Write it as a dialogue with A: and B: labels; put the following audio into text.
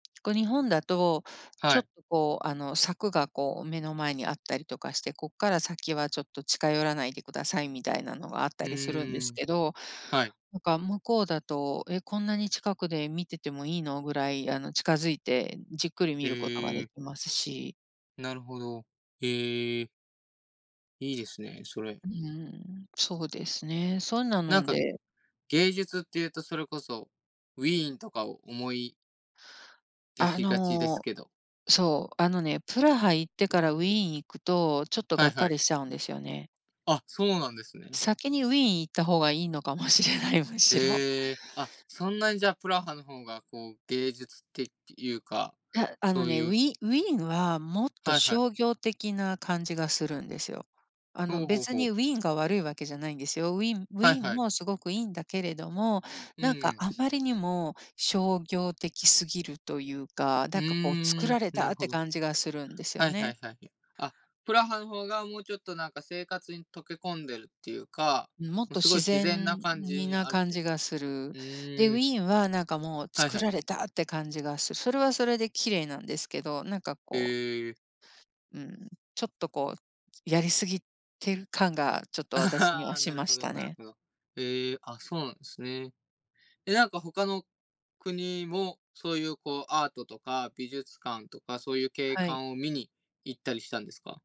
A: こう、日本だと
B: は
A: ちょっ
B: い。
A: と、こう、あの、柵が、こう、目の前にあったりとかして「こっから先はちょっと近寄らないでください」みたいなのがあった
B: う
A: りするんで
B: ー
A: す
B: ん、
A: けど、
B: はい。
A: なんか、向こうだと「え、こんなに近くで見ててもいいの？」ぐらい、あの、近づいてじっくり見ることが
B: へ
A: で
B: え。
A: きますし。
B: なるほど、ええ。いいですね、それ。
A: うん、そうですね。そんなの
B: なん
A: ん
B: か、
A: で。
B: 芸術っていうとそれこそウィーンとかを思い出
A: あ
B: しがちです
A: の、
B: けど。
A: そう、あのね、プラハ行ってからウィーン行くと、ちょっと
B: は
A: が
B: い
A: っ
B: は
A: か
B: い。
A: りしちゃうんですよね。
B: あ、そうなんですね。
A: 先にウィーン行った方がいいのかもしれない、むしろ。
B: へえ、あ、そんなにじゃあ、プラハの方が、こう、芸術っていうか、
A: たあ
B: そ
A: の
B: う
A: ね、
B: い
A: ウ
B: う
A: ィウィーンはもっと
B: はいはい。
A: 商業的な感じがするんですよ。あの、
B: ほうほう
A: 別
B: ほう。
A: にウィーンが悪いわけじゃないんですよ。ウィウ
B: はい
A: ィーン
B: はい。
A: もすごくいんだけれども、
B: う
A: なんか、
B: ん。
A: あまりにも商業的すぎるというか、
B: う
A: なんか、こう、作
B: ーん、
A: られた
B: なる
A: っ
B: ほ
A: て
B: ど。
A: 感じがするんです
B: は
A: よ
B: いは
A: ね。
B: いはい、あ、プラハの方がもうちょっとなんか、生活に溶け込んでるっていうか、
A: うん、もっ
B: も、
A: と
B: すご
A: 自
B: い自然
A: 然
B: な感じ
A: に
B: に
A: な
B: あるっ
A: 感
B: て
A: じがする。
B: う
A: で、ウ
B: ーん。
A: ィーンはなんか、もう、
B: はい
A: 造
B: はい。
A: られたって感じがすそれはそれで綺麗なんですけどなんか、こう
B: へえ。
A: うん、ちょっとこう、きやりすぎてる感がちょっと私には し
B: なる
A: ま
B: ほ
A: し
B: ど
A: た
B: なる
A: ね。
B: ほど、へえ、あ、そうなんすね。え、なんか、他の国もそういう、こう、アートとか美術館とか、そういう景
A: はい。
B: 観を見に行ったりしたんですか？